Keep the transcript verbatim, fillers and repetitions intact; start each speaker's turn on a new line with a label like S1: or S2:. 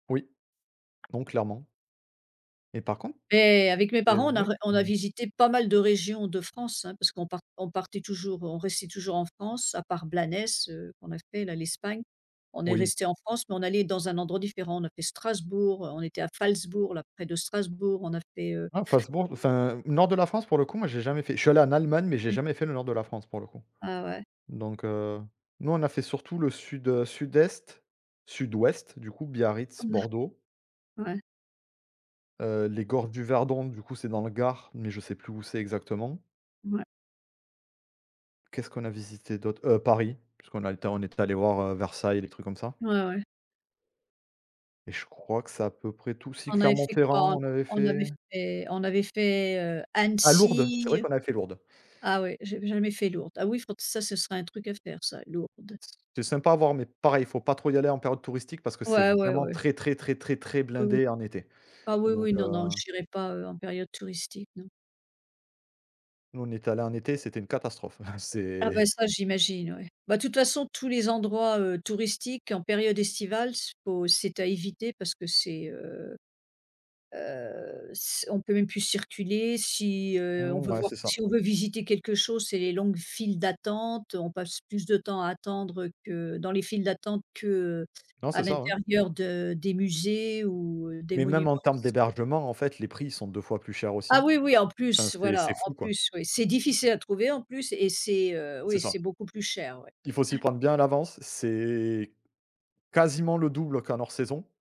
S1: Oui. Non clairement et par contre
S2: Mais avec mes
S1: et heu,
S2: parents, on a
S1: ouais,
S2: re on
S1: quand
S2: a
S1: même
S2: visitées pas mal de régions de France, hein. Parce qu'on part on partait toujours, heu, on restait toujours en France. À part Blanes, heu, qu'on a fait là, l'Espagne. On est
S1: Oui.
S2: restés en France, mais on allait dans un endroit différent. On a fait Strasbourg, heu, on était à Falzbourg, là près de Strasbourg, on a fait, heu
S1: Oh Falzbourg enfin nord de la France pour le coup, moi j'ai jamais fait je suis allé en Allemagne, mais j'ai
S2: Mmh.
S1: jamais fait le nord de la France pour le coup.
S2: Ah ouais.
S1: Donc heu, nous, on a fait surtout le sud, heu, sud-est. Sud-ouest du coup, Biarritz, Bordeaux
S2: Ouais.
S1: heu, les Gores du Verdon, du coup, c'est dans le Gard, mais je sais plus où c'est exactement
S2: Ouais.
S1: qu'est-ce qu'on a visité d'autre? Heu, Paris, puisqu'on a été en, on était allé voir, heu, Versailles, les trucs comme ça
S2: Ouais, ouais.
S1: et je crois que c'est à peu près tout. Si
S2: On avait fait
S1: Clermont-Ferrand,
S2: quoi?
S1: on avait
S2: On avait
S1: fait
S2: fait on avait fait, heu,
S1: ah Lourdes, c'est vrai
S2: Annecy
S1: qu'on a fait Lourdes.
S2: ah oui, j'ai jamais fait Lourdes. Oui faut, ça, ce sera un truc à faire ça, Lourdes.
S1: C'est sympa à voir, mais pareil, faut pas trop y aller en période touristique parce que c'est
S2: Ouais, oui,
S1: vraiment
S2: oui.
S1: très, très, très, très, très
S2: Oui, oui.
S1: blindé en été.
S2: Ah oui,
S1: Donc,
S2: oui,
S1: heu
S2: non, non, j'irai pas, heu, en période touristique, non.
S1: Nous, on y est allés en été, c'était une catastrophe.
S2: Ah
S1: C'est
S2: bah, ça j'imagine oui. Bah toute façon tous les endroits, heu, touristiques en période estivale, faut c'est à éviter parce que c'est, heu heu, s on peut même plus circuler. Si, heu, on
S1: Mmh,
S2: veut
S1: ouais,
S2: voir
S1: c'est ça.
S2: si on veut visiter quelque chose, c'est les longues files d'attente, heu on passe plus de temps à attendre que, dans les files d'attente que, heu,
S1: Non,
S2: à
S1: c'est ça, hein.
S2: l'intérieur de des musées ou, heu, des
S1: Mais même
S2: monuments.
S1: en termes
S2: C'est
S1: d'hébergement, en fait, les prix, ils sont deux fois plus chers
S2: Ah
S1: aussi.
S2: oui, oui, en
S1: Enfin,
S2: plus,
S1: c'est c'est
S2: voilà, en
S1: fou, quoi.
S2: plus, oui, c'est difficile à trouver en plus et c'est, heu,
S1: C'est
S2: oui
S1: ça.
S2: c'est beaucoup plus cher, ouais.
S1: Il faut s'y
S2: Ouais.
S1: prendre bien à l'avance. C'est quasiment le double qu'en hors saison